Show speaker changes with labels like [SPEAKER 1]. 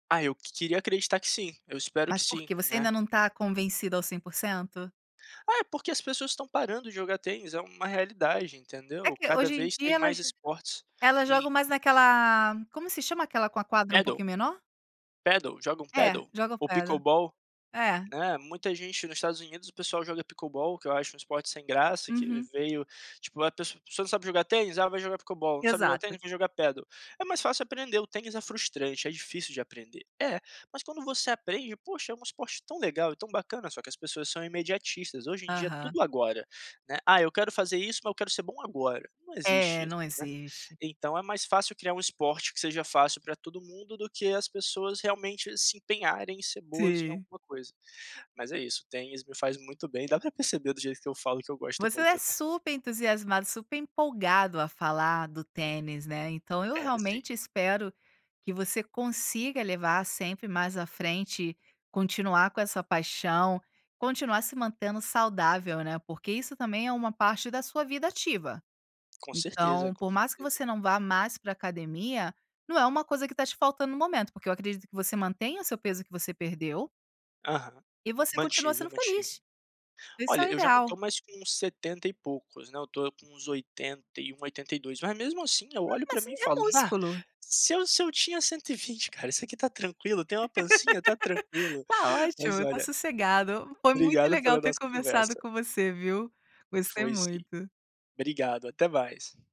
[SPEAKER 1] Ah, eu queria acreditar que sim, eu espero que
[SPEAKER 2] Mas por
[SPEAKER 1] sim,
[SPEAKER 2] quê, você
[SPEAKER 1] né.
[SPEAKER 2] ainda não tá convencido ao 100%?
[SPEAKER 1] É, porque as pessoas, estão parando de jogar tênis, é uma realidade,
[SPEAKER 2] É
[SPEAKER 1] entendeu,
[SPEAKER 2] que
[SPEAKER 1] cada
[SPEAKER 2] hoje em
[SPEAKER 1] vez
[SPEAKER 2] dia
[SPEAKER 1] tem mais
[SPEAKER 2] elas,
[SPEAKER 1] esportes
[SPEAKER 2] elas jogam
[SPEAKER 1] em
[SPEAKER 2] mais naquela, como se chama aquela, com a quadra um
[SPEAKER 1] Padel?
[SPEAKER 2] pouquinho menor?
[SPEAKER 1] Padel, jogam
[SPEAKER 2] É,
[SPEAKER 1] padel?
[SPEAKER 2] jogam
[SPEAKER 1] Ou
[SPEAKER 2] Padel,
[SPEAKER 1] pickleball,
[SPEAKER 2] é.
[SPEAKER 1] eh, muita gente nos Estados Unidos, o pessoal joga o Pickleball, que eu acho um esporte sem graça, que ele
[SPEAKER 2] Uhum.
[SPEAKER 1] veio tipo, a pessoa, você não sabe jogar tênis, ah, vai jogar Pickleball, não sabe jogar
[SPEAKER 2] Exato.
[SPEAKER 1] tênis, vou jogar Padel, é mais fácil aprender. O Tênis é frustrante, é difícil de aprender, é, mas quando você aprende, poxa, é um esporte tão legal, e tão bacana, só que as pessoas são imediatistas. Hoje em dia é
[SPEAKER 2] Aham.
[SPEAKER 1] tudo agora, né, "ah, eu quero fazer isso, mas eu quero ser bom agora.", não existe
[SPEAKER 2] É,
[SPEAKER 1] isso,
[SPEAKER 2] não
[SPEAKER 1] né,
[SPEAKER 2] existe.
[SPEAKER 1] então é mais fácil criar um esporte que seja fácil pra todo mundo, do que as pessoas realmente se empenharem em ser boas em
[SPEAKER 2] Sim.
[SPEAKER 1] alguma coisa. Mas é isso, tem isso, me faz muito bem, dá pra perceber do jeito que eu falo que eu gosto
[SPEAKER 2] Você é
[SPEAKER 1] muito, né.
[SPEAKER 2] super entusiasmado, super empolgado a falar do tênis, né, então, eu
[SPEAKER 1] É, sim.
[SPEAKER 2] realmente espero que você consiga levar sempre mais à frente, continuar com essa paixão, continuar se mantendo saudável, né. Porque isso também é uma parte da sua vida ativa,
[SPEAKER 1] Com certeza,
[SPEAKER 2] então,
[SPEAKER 1] com
[SPEAKER 2] por mais que
[SPEAKER 1] certeza.
[SPEAKER 2] você não vá mais pra academia, não é uma coisa que tá te faltando no momento. Porque eu acredito que você mantenha o seu peso que você perdeu
[SPEAKER 1] Aham,
[SPEAKER 2] e você continua
[SPEAKER 1] mantive,
[SPEAKER 2] sendo
[SPEAKER 1] mantive.
[SPEAKER 2] feliz, isso é
[SPEAKER 1] Olha,
[SPEAKER 2] o
[SPEAKER 1] eu já não tô
[SPEAKER 2] ideal.
[SPEAKER 1] mais com 70 e poucos, né, eu tô com uns 81, 82, mas mesmo, assim, eu olho
[SPEAKER 2] Mas
[SPEAKER 1] pra
[SPEAKER 2] isso
[SPEAKER 1] mim e
[SPEAKER 2] é
[SPEAKER 1] falo: Na,
[SPEAKER 2] músculo.
[SPEAKER 1] se eu se eu tinha 120 cara, isso aqui tá tranquilo, tem uma pancinha, tá tranquilo",
[SPEAKER 2] Tá
[SPEAKER 1] mas
[SPEAKER 2] ótimo, tá
[SPEAKER 1] olha
[SPEAKER 2] sossegado, foi muito
[SPEAKER 1] obrigado
[SPEAKER 2] legal
[SPEAKER 1] pela
[SPEAKER 2] ter
[SPEAKER 1] nossa
[SPEAKER 2] conversado
[SPEAKER 1] conversa.
[SPEAKER 2] com você gostei
[SPEAKER 1] Foi sim,
[SPEAKER 2] muito.
[SPEAKER 1] obrigado, até mais.